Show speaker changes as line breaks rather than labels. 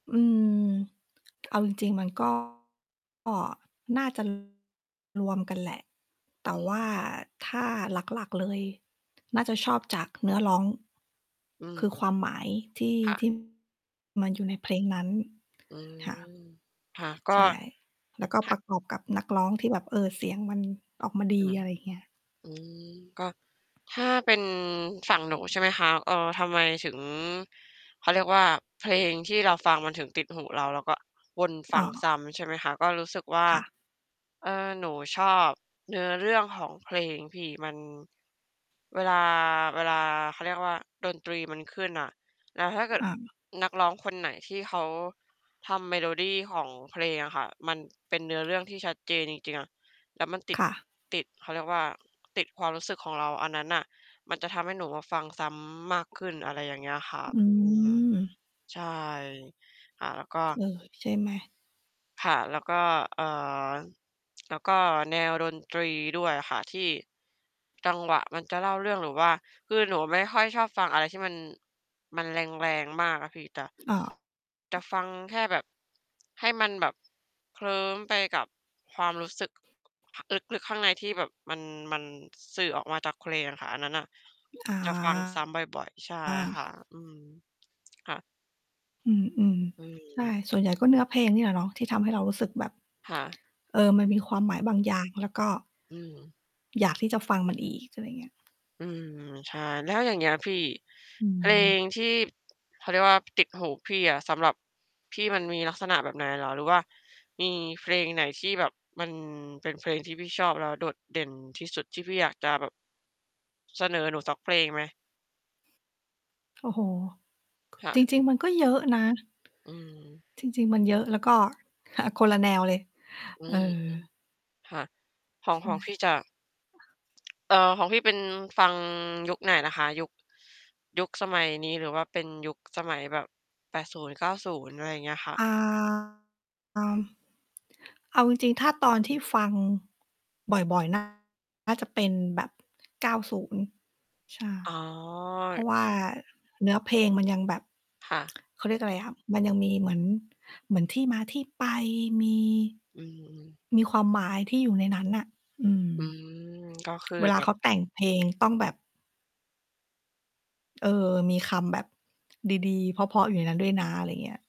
อืม เอาจริง ๆ มัน ก็ น่า จะ รวมกันแหละ แต่
อื
ว่า
ม
ถ้าหลัก ๆ เลย น่าจะชอบ จากเนื้อร้อง
อืม
คือความหมายที่
ค่
ท
ะ
ี่ มันอยู่ในเพลงนั้น
อื
ค่ะ
ม ค่ะ ก็
ใช่ แล้วก็
ค่
ป
ะ
ระกอบกับนักร้องที่แบบ เออ เสียงมันออกมาดี
อืม
อะไรอย่างเงี้ย
อืม ก็ ถ้าเป็นฝั่งหนูใช่ไหมคะ เอ่อ ทำไมถึง เขาเรียกว่า เพลงที่เราฟังมันถึงติดหูเรา แล้วก็วนฟ
อ๋
ังซ
อ
้ำ ใช่ไหมคะ ก็รู้สึกว่า
ค่ะ
เอ่อ หนูชอบเนื้อเรื่องของเพลงพี่ มัน เวลา เวลา เขาเรียกว่า ดนตรีมันขึ้นน่ะ แล้วถ้าเก
อ
ิด
า
นักร้องคนไหนที่เขาทำ เมโลดีของเพลงอะค่ะ มัน เป็นเนื้อเรื่องที่ชัดเจนจริง ๆ อะ แล้วมันติด
ค่ะ
ติด เขาเรียกว่า ติดความรู้สึกของเรา อันนั้นน่ะ มันจะทำให้หนูอะฟังซ้ำมากขึ้น อะไรอย่างเงี้ยค่ะ
อื
อืม
ม
ใช่ ค่ะ แล้วก็
เออ ใช่ไหม?
ค่ะ แล้วก็ เอ่อ แล้วก็แนวดนตรีด้วยอะค่ะ ที่ จังหวะมันจะเล่าเรื่อง หรือว่า คือหนูไม่ค่อยชอบฟังอะไรที่มัน มันแรง ๆ มากอะพี่ ตะ
อ้าว!
จะฟังแค่แบบให้มันแบบเคลิ้มไปกับความรู้สึก ลึก ๆ ข้างในที่แบบมัน มันสื่อออกมาจากเพลงอะค่ะ อันนั้นน่ะ
อา
จะฟังซ้ำบ่อย ๆ ใช่
อ
ค
า
่ะ อืม ค่ะ
อืม
อื
ๆ ใช่
ม
ส่วนใหญ่ก็เนื้อเพลงนี่แหละเนาะ ที่ทำให้เรารู้สึกแบบ
ค่ะ
เออ มันมีความหมายบางอย่าง แล้วก็
อืม
อยากที่จะฟังมันอีก อะไรเงี้ย
อืม ใช่ แล้วอย่างเงี้ยพี่
อื
เพล
ม
งที่ เขาเรียกว่า ติดหูพี่อะ สำหรับ พี่มันมีลักษณะแบบไหนเหรอ? หรือว่ามีเพลงไหนที่แบบมันเป็นเพลงที่พี่ชอบแล้วโดดเด่นที่สุดที่พี่อยากจะแบบ เสนอหนูสักเพลงไหม?
โอ้โฮ
ค่ะ
จริง ๆ มันก็เยอะนะ
อืม
จริง ๆ มัน เยอะ แล้วก็ อ่า คนละแนวเลย
อื
เออ
ม ๆ ค่ะ ขอ
ใ
ง
ช่
ข
ไ
อง
หม?
พี่จะ เอ่อ ของพี่เป็นฟัง ยุคไหนนะคะ? ยุค ยุคสมัยนี้หรือว่าเป็นยุค สมัยแบบ 80-90 อะไรอย่างเงี้ยค่ะ
อ่า อา เอาจริง ๆ ถ้าตอนที่ฟัง บ่อย ๆ น่า น่าจะเป็นแบบ 90 ใช่
อ๋อ
เพร
ล
าะว่าเนื้อเพลงมัน ยังแบบ
ค่ะ
เขาเรียกอะไรอะ มันยังมีเหมือน เหมือนที่มาที่ไป มี
อือ ๆ
มีความหมายที่อยู่ในนั้นน่ะ อืม
อืม ก็คือ
เวล
เ
า
นี่
เข
ย
าแต่งเพลง ต้องแบบ เออ มีคำแบบ ดี ๆ เพราะ ๆ อยู่ในนั้นด้วยนะ อะไรเงี้ย